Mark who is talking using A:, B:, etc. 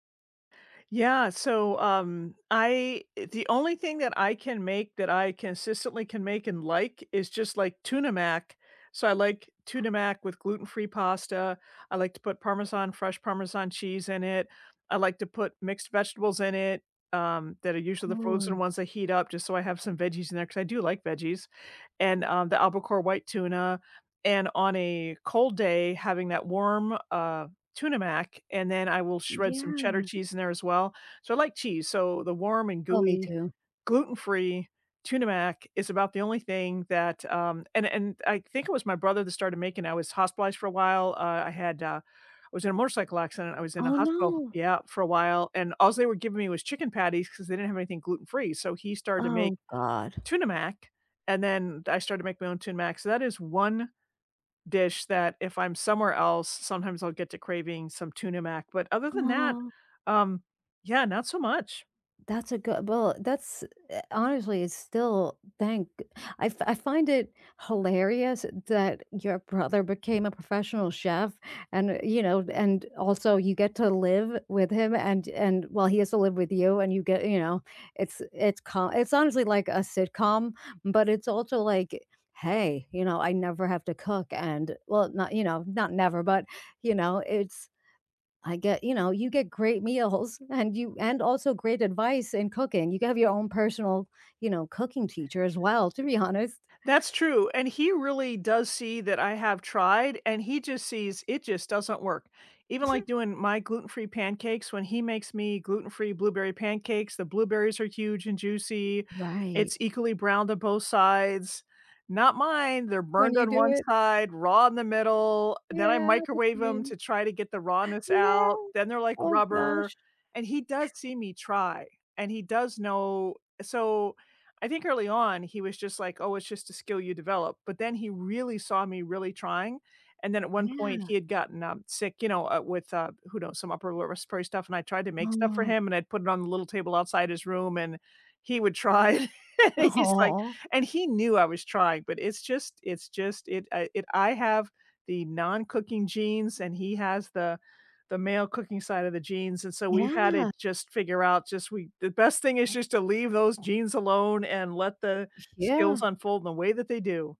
A: Yeah, so, um, I eh, the only thing that I can make that I consistently can make and like is just, like, Tuna Mac. So, I like tuna mac with gluten-free pasta, I like to put Parmesan fresh Parmesan cheese in it, I like to put mixed vegetables in it, um, that are usually the frozen
B: Ooh.
A: ones that heat up just so I have some veggies in there 'cause I do like veggies, and, um, the Albacore white tuna, and on a cold day, having that warm, uh, Tuna Mac, and then I will shred some Cheddar
B: Yeah.
A: cheese in there as well. So, I like cheese, so the warm and
B: Oh, me
A: gooey,
B: too.
A: gluten-free Tuna Mac is about the only thing that, um and and I think it was my brother that started making it. I was hospitalized for a while, uh, I had, uh I was in a motorcycle accident, I was in a
B: Oh
A: hospital
B: no!
A: Yeah, for a while, and all they were giving me was chicken patties 'cause they didn't have anything gluten-free, so he started to make
B: Oh, god.
A: Tuna Mac, and then I started to make my own Tuna Mac, so that is one dish that if I'm somewhere else, sometimes I'll get to craving some Tuna Mac, but other than that,
B: Aw.
A: um, yeah, not so much.
B: That's a good well, that's eh, honestly, it's still thank g I f I find it hilarious that your brother became a professional chef, and, you know and also you get to live with him, and and well, he has to live with you, and you get, you know it's it's co it's, honestly, like a sitcom, but it's also like, "Hey, you know, I never have to cook, and" well, not you know, not never, but, you know, it's I get you know, you get great meals, and you and also great advice in cooking. You can have your own personal, you know, cooking teacher as well, to be honest.
A: That's true, and he really does see that I have tried, and he just sees it just doesn't work. Even, like, doing my gluten-free pancakes, when he makes me gluten-free blueberry pancakes, the blueberries are huge and juicy,
B: Right.
A: it's equally browned on both sides not mine, they're
B: When
A: burned
B: you
A: on one
B: do it.
A: side, raw in the middle, then I
B: Yeah, that's
A: microwave 'em
B: me.
A: to try to get the rawness
B: Yeah.
A: out, then they're, like,
B: Oh
A: rubber,
B: gosh.
A: and he does see me try, and he does know So, I think early on he was just, like, "Oh, it's just a skill you develop," but then he really saw me really trying, and then at one point
B: Yeah.
A: he had gotten, um, sick, you know, uh, with, uh, who knows, some upper lower respiratory stuff, and I tried to make stuff for
B: Oh.
A: him, and I'd put it on the little table outside his room and he would try, he's like
B: Aw!
A: and he knew I was trying, but it's just it's just it I it I have the non-cooking genes, and he has the the male cooking side of the genes, and so we've had to
B: Yeah.
A: just figure out, just we the best thing is just to leave those genes alone and let the skills
B: Yeah.
A: unfold in the way that they do.